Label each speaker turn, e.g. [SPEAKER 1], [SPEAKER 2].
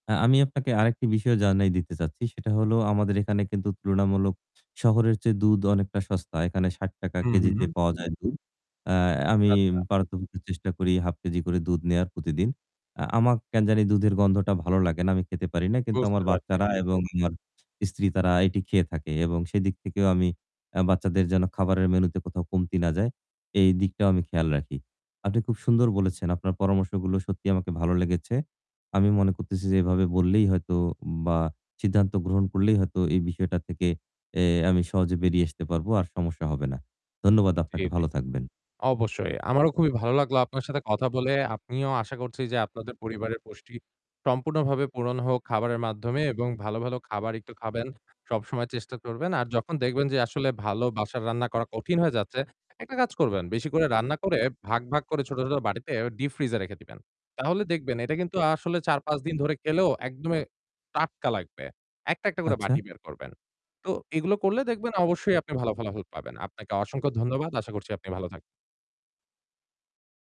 [SPEAKER 1] আ আমি আপনাকে আরেকটি বিষয় জানায় দিতে চাচ্ছি। সেটা হলো আমাদের এখানে কিন্তু তুলনামূলক শহরের চেয়ে দুধ অনেকটা সস্তা। এখানে ৳৬০ কেজিতে
[SPEAKER 2] উহু।
[SPEAKER 1] পাওয়া যায় দুধ। আ
[SPEAKER 2] আচ্ছা,
[SPEAKER 1] আমি
[SPEAKER 2] আচ্ছা।
[SPEAKER 1] পারত পক্ষে চেষ্টা করি 0.5 কেজি করে দুধ নেওয়ার প্রতিদিন। আ আমার কেন জানি দুধের গন্ধটা ভালো লাগে না। আমি খেতে পারি না। কিন্তু
[SPEAKER 2] বুঝতে
[SPEAKER 1] আমার
[SPEAKER 2] পারছি।
[SPEAKER 1] বাচ্চারা এবং আমার স্ত্রী তারা এটি খেয়ে থাকে এবং সেদিক থেকেও আমি আ বাচ্চাদের যেন খাবারের মেনুতে কোথাও কমতি না যায়। এই দিকটাও আমি খেয়াল রাখি। আপনি খুব সুন্দর বলেছেন। আপনার পরামর্শগুলো সত্যিই আমাকে ভালো লেগেছে। আমি মনে করতেছি যে এভাবে বললেই হয়তো বা সিদ্ধান্ত গ্রহণ করলেই হয়তো এই বিষয়টা থেকে অ্যা আমি সহজে বেরিয়ে আসতে পারবো। আর সমস্যা হবে না। ধন্যবাদ
[SPEAKER 2] জি,
[SPEAKER 1] আপনাকে।
[SPEAKER 2] জি।
[SPEAKER 1] ভালো থাকবেন।
[SPEAKER 2] অবশ্যই। আমারও খুবই ভালো লাগলো আপনার সাথে কথা বলে আপনিও আশা করছি যে আপনাদের পরিবারের পুষ্টি সম্পূর্ণভাবে পূরণ হোক খাবারের মাধ্যমে এবং ভালো, ভালো খাবার একটু খাবেন। সবসময় চেষ্টা করবেন। আর যখন দেখবেন যে আসলে ভালো বাসার রান্না করা কঠিন হয়ে যাচ্ছে, একটা কাজ করবেন। বেশি করে রান্না করে ভাগ, ভাগ করে ছোট, ছোট বাটিতে ডীপ ফ্রিজ এ রেখে দিবেন। তাহলে দেখবেন এটা কিন্তু আসলে ৪-৫ দিন ধরে খেলেও একদমই টাটকা লাগবে। একটা, একটা করে বাটি
[SPEAKER 1] আচ্ছা।
[SPEAKER 2] বের করবেন। তো এগুলো করলে দেখবেন অবশ্যই আপনি ভাল ফলাফল পাবেন। আপনাকে অসংখ্য ধন্যবাদ। আশা করছি আপনি ভালো থাক